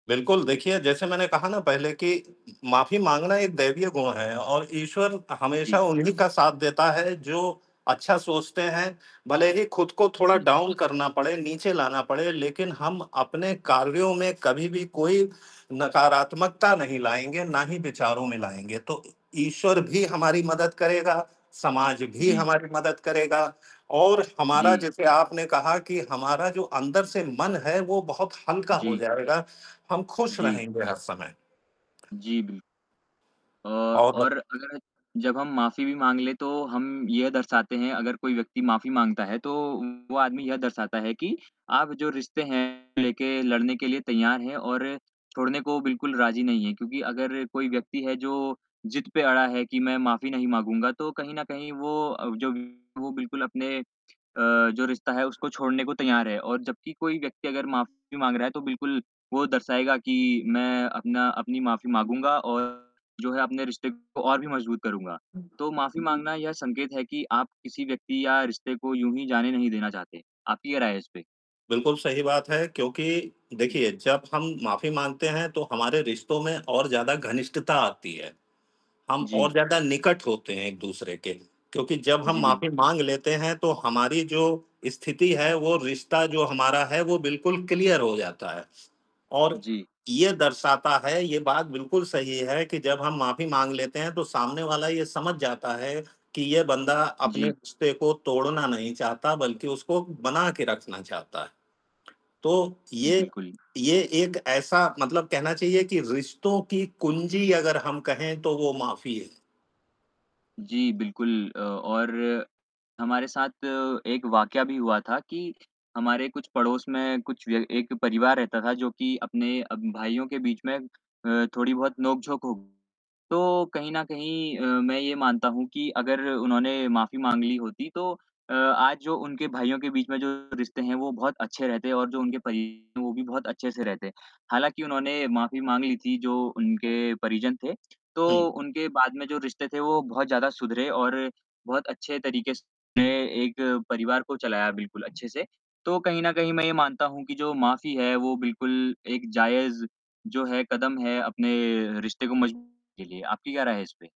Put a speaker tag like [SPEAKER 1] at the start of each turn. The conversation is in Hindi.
[SPEAKER 1] बिल्कुल, देखिए जैसे मैंने कहा ना पहले कि उ माफ़ी माँगना एक दैवीय गुण है और ईश्वर हमेशा
[SPEAKER 2] जी।
[SPEAKER 1] उन्हीं का साथ देता है जो अच्छा सोचते हैं, भले ही खुद को थोड़ा
[SPEAKER 2] जी।
[SPEAKER 1] डाउन करना पड़े, नीचे लाना पड़े लेकिन हम अपने कार्यों में कभी भी कोई नकारात्मकता नहीं लाएँगे, ना ही विचारों में लाएँगे। तो ई ईश्वर भी हमारी मदद करेगा, समाज भी
[SPEAKER 2] जी।
[SPEAKER 1] हमारी मदद करेगा और हमारा
[SPEAKER 2] जी।
[SPEAKER 1] जैसे आपने कहा कि हमारा जो अंदर से मन है वो बहुत हल्का हो
[SPEAKER 2] जी।
[SPEAKER 1] जाएगा, हम खुश
[SPEAKER 2] जी।
[SPEAKER 1] रहेंगे हर समय।
[SPEAKER 2] जी, बिल अ,
[SPEAKER 1] और
[SPEAKER 2] और अगर जब हम माफ़ी भी माँग लें तो हम यह दर्शाते हैं, अगर कोई व्यक्ति माफ़ी माँगता है तो वो आदमी यह दर्शाता है कि आप जो रिश्ते हैं, लेके लड़ने के लिए तैयार है और छोड़ने को बिल्कुल राजी नहीं है। क्योंकि अगर कोई व्यक्ति है जो जिद पे अड़ा है कि मैं माफ़ी नहीं माँगूँगा, तो कहीं न कहीं वो अव जब वो बिल्कुल अपने अ, जो रिश्ता है उसको छोड़ने को तैयार है और जबकि कोई व्यक्ति अगर माफ़ी माँग रहा है, तो बिल्कुल वो दर्शाएगा कि मैं अपना अपनी माफ़ी माँगूँगा और जो है अपने रिश्ते को और भी मजबूत करूँगा। तो माफ़ी माँगना यह संकेत है कि आप किसी व्यक्ति या रिश्ते को यूँ ही जाने नहीं देना चाहते, आपकी क्या राय है इसपे?
[SPEAKER 1] बिल्कुल, सही बात है क्योंकि
[SPEAKER 2] हुँ।
[SPEAKER 1] देखिए, जब हम माफ़ी माँगते हैं तो हमारे रिश्तों में और ज़्यादा घनिष्ठता आती है। हम और
[SPEAKER 2] जी।
[SPEAKER 1] ज़्यादा निकट होते हैं एक-दूसरे के, क्योंकि जब हम
[SPEAKER 2] जी, बिल
[SPEAKER 1] माफी माँग लेते हैं तो हमारी जो स्थिति है, वो रिश्ता जो हमारा है वो बिल्कुल क्लियर हो जाता है। और
[SPEAKER 2] जी।
[SPEAKER 1] ये दर्शाता है ये बात बिल्कुल सही है कि जब हम माफी माँग लेते हैं, तो सामने वाला ये समझ जाता है कि ये बंदा अपने
[SPEAKER 2] जी।
[SPEAKER 1] रिश्ते को तोड़ना नहीं चाहता बल्कि उसको बनाके रखना चाहता है। तो
[SPEAKER 2] जी,
[SPEAKER 1] ये
[SPEAKER 2] बिल्कुल।
[SPEAKER 1] ये एक ऐसा मतलब कहना चाहिए कि रिश्तों की कुंजी अगर हम कहें तो वो माफी है।
[SPEAKER 2] जी, बिल्कुल। अ, और हमारे साथ एक वाकया भी हुआ था कि हमारे कुछ पड़ोस में कुछ व्य एक परिवार रहता था, जो कि अपने अ, भाइयों के बीच में अ, थोड़ी बहुत नोकझोंक हो। तो, कहीं न कहीं अ, मैं ये मानता हूँ कि अगर उन्होंने माफ़ी माँग ली होती तो अ, आज जो उनके भाइयों के बीच में जो रिश्ते हैं वो बहुत अच्छे रहते और जो उनके परिजन वो भी बहुत अच्छे से रहते। हालाँकि उन्होंने माफ़ी माँग ली थी, जो उनके परिजन थे, तो
[SPEAKER 1] हुँ।
[SPEAKER 2] उनके बाद में जो रिश्ते थे वो बहुत ज़्यादा सुधरे और बहुत अच्छे तरीके स [unintelligible] एक परिवार को चलाया बिल्कुल अच्छे से। तो कहीं न कहीं मैं ये मानता हूँ कि जो माफी है वो बिल्कुल एक जायज़ जो है कदम है अपने रिश्ते को मजबूत करने के लिए, आपकी क्या राय है इस पे?